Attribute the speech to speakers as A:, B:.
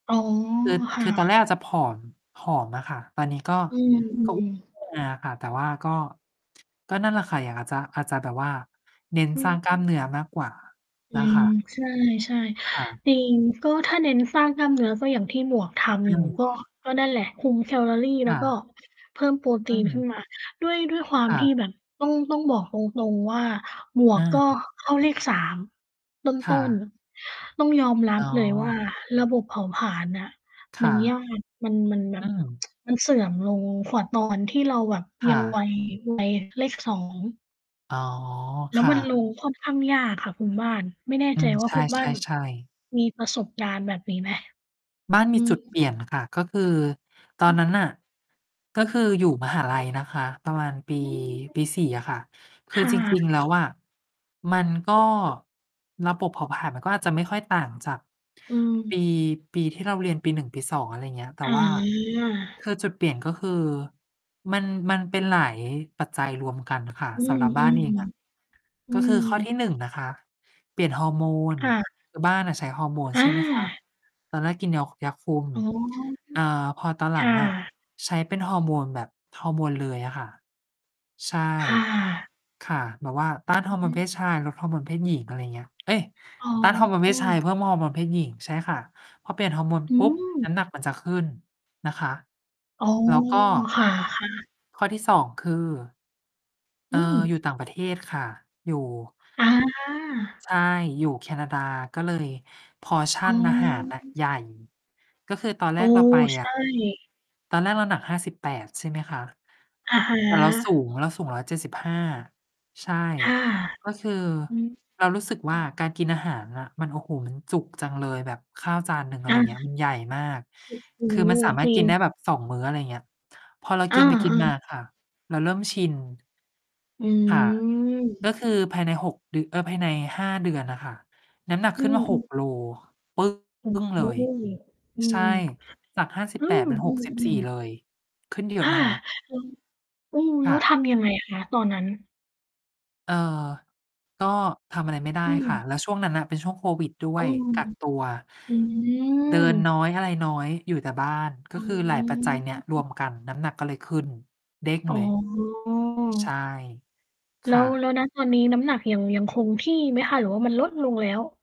A: อ๋อ
B: คือ
A: ค
B: ค
A: ่
B: ือตอนแร
A: ะ
B: กอะจะผอม ผอมอะค่ะ ตอนนี้ก็
A: อื
B: ก็ อ
A: ม
B: ้ว
A: ๆ
B: นเลยอะ ค่ะ แต่ว่าก็ ก็นั่นแหละค่ะ อย่างเราจะ อาจจะแบบว่าเน้น
A: อื
B: สร้าง
A: ม
B: กล้ามเนื้อมากกว่า
A: อ
B: น
A: ื
B: ะค
A: ม
B: ะ
A: ใช่
B: ค่ะ
A: ๆ จริง ก็ถ้าเน้นสร้างกล้ามเนื้อ ก็อย่างที่หมวกทำ
B: อ
A: อยู่
B: ืม
A: ก็ ก็นั่นแหละ คุมแคลอรีแ
B: อ
A: ล้ว
B: า
A: ก็เพิ่มโปรต
B: อื
A: ีนขึ้
B: อ
A: นมา ด้วย ด้วยความ
B: อา
A: ที่แบบต้อง ต้องบอกตรง ๆ ว่าหมว
B: อ
A: กก็
B: า
A: เข้าเลข 3 ต
B: ค่
A: ้น
B: ะ
A: ๆ ต้องยอมรั
B: อ๋
A: บเลยว่า
B: อ
A: ระบบเผาผลาญน่ะ
B: ค
A: มั
B: ่
A: นย
B: ะ
A: าก มัน มันแบ
B: อื
A: บ
B: อ
A: มันเสื่อมลงกว่าตอนที่เราแบบ
B: ค
A: ยั
B: ่
A: ง ว
B: ะ
A: ัย วัยเลข 2
B: อ๋อ
A: แล้
B: ค
A: ว
B: ่
A: ม
B: ะ
A: ันลงค่อนข้างยากค่ะคุณบ้าน ไม่แน่
B: อื
A: ใจ
B: ม
A: ว่า
B: ใช
A: คุณบ้านแบบ
B: ่ ๆ ๆ
A: มีประสบการณ์แบบนี้ไหม?
B: บ้านม
A: อื
B: ีจ
A: ม
B: ุด เปลี่ยนค่ะ ก็คือตอ
A: อื
B: น
A: อ
B: นั้นน่ะ ก็คืออยู่ มหาลัย นะคะ ประมาณปี
A: อืม
B: ปี 4 อะค่ะ ค
A: ค
B: ือ
A: ่
B: จริ
A: ะ
B: ง ๆ แล้วอะมันก็ ระบบเผาผลาญมันก็อาจจะไม่ค่อยต่างจาก
A: อืม
B: ปี ปีที่เราเรียนปี 1 ปี 2 อะไรเงี้ย แต่
A: อ๋
B: ว่า
A: อ
B: คือจุดเปลี่ยนก็คือมัน มันเป็นหลาย ปัจจัยรวมกันค่ะ
A: อื
B: สำห
A: ม
B: รับบ้านเองอะ
A: ๆ อื
B: ก็คื
A: ม
B: อข้อที่ 1 นะคะ เปลี่ยนฮอร์โมน
A: ค่ะ
B: คือบ้านน่ะใช้ฮอร์โมน
A: อ
B: ใช่ไหมคะ
A: า
B: ตอนแรกกินยอ ยาคุม
A: อ๋อ
B: อ่า พอตอน
A: ค
B: หลั
A: ่ะ
B: งอะ
A: ค่ะ
B: ใช้เป็นฮอร์โมนแบบฮอร์โมนเลยอะค่ะ ใช่
A: ค่ะ
B: ค่ะ แบบว่า ต้าน
A: อ
B: ฮ
A: ื
B: อ
A: อ
B: ร์โม
A: ฮ
B: น
A: ึ
B: เพศชาย ลดฮอร์โมนเพศหญิง อะไรอย่างเงี้ย เอ๊ย
A: อ๋
B: ต้านฮอร์โมนเพศชาย เพิ
A: อ
B: ่มฮอร์โมนเพศหญิง ใช่ค่ะ พอเปลี่ยนฮอร์โมน
A: อื
B: ปุ๊บ
A: ม
B: น้ำหนักมันจะขึ้นนะคะ
A: อ๋อ
B: แล้วก็
A: ค่ะ ๆ
B: ข้อที่ 2 คือ เ
A: อ
B: อ
A: ื
B: ่อ อยู่
A: ม
B: ต่างประเทศค่ะ อยู่
A: อา
B: ใช่ อยู่แคนาดา ก็เลย
A: อ๋
B: portion
A: อ
B: อาหารน่ะใหญ่ ก็คือตอนแร
A: เออ
B: กเราไป
A: ใช
B: อะ
A: ่
B: ตอนแรกเราหนัก 58 ใช่ไหมคะ
A: อะฮ
B: แต่เราสู
A: ะ
B: ง เราสูง 175 ใช่
A: ค่ะ
B: ก็คือ
A: อือ
B: เรารู้สึก
A: อ
B: ว
A: ื
B: ่า
A: อ
B: การกินอาหารน่ะ มัน โอ้โฮ มันจุกจังเลยแบบข้าวจานหนึ่ง อะไ
A: อ
B: ร
A: า
B: เงี้ย มันใหญ่มาก
A: โอ้โฮ
B: คือมันสามา
A: จ
B: รถ
A: ริ
B: กินไ
A: ง
B: ด้แบบ 2 มื้อ อะไรเงี้ย พอเรา
A: อ
B: ก
A: า
B: ินไปก
A: เ
B: ิ
A: อ
B: นมา
A: อ
B: ค่ะ เราเริ่มชิน
A: อื
B: ค่ะ ก็
A: ม
B: คือภายใน 6 เดือ เอ่อ ภายใน 5 เดือนน่ะค่ะ น้ำหนัก
A: อื
B: ขึ้น
A: ม
B: มา
A: อ
B: ห
A: ื
B: ก โล
A: ม
B: ปึ
A: โอ้
B: ้ง
A: โ
B: เลย
A: ฮ อื
B: ใช่
A: ม
B: จาก ห้าสิบ
A: อื
B: แปด เป็น 64
A: ม ๆ
B: เ
A: ๆ
B: ลย ขึ้นเยอ
A: อา
B: ะนะคะ
A: ย้ง อืม แ
B: ค
A: ล้
B: ่
A: วท
B: ะ
A: ำ ยังไง คะ ตอนนั้น?
B: เอ่อ ก็ทำอะไรไม่ได
A: อ
B: ้
A: ื
B: ค่ะ
A: ม
B: แล้วช่วงนั้นน่ะเป็นช่วงโควิดด้ว
A: อื
B: ย
A: ม
B: กักตัว
A: อื
B: เดินน้
A: ม
B: อย อะไรน้อย อยู่แต่บ้าน ก
A: อ
B: ็
A: ื
B: คือหลายปัจจัยเนี่ยรว
A: ม
B: มกัน น้ำหนักก็เลยขึ้น เด้ง
A: อ๋อ
B: เลย ใช่ ค
A: แล้
B: ่
A: ว แ
B: ะ
A: ล้ว ณ ตอนนี้น้ำหนักยัง ยังคงที่ไหมคะ หรือว่ามันลดลงแล้ว?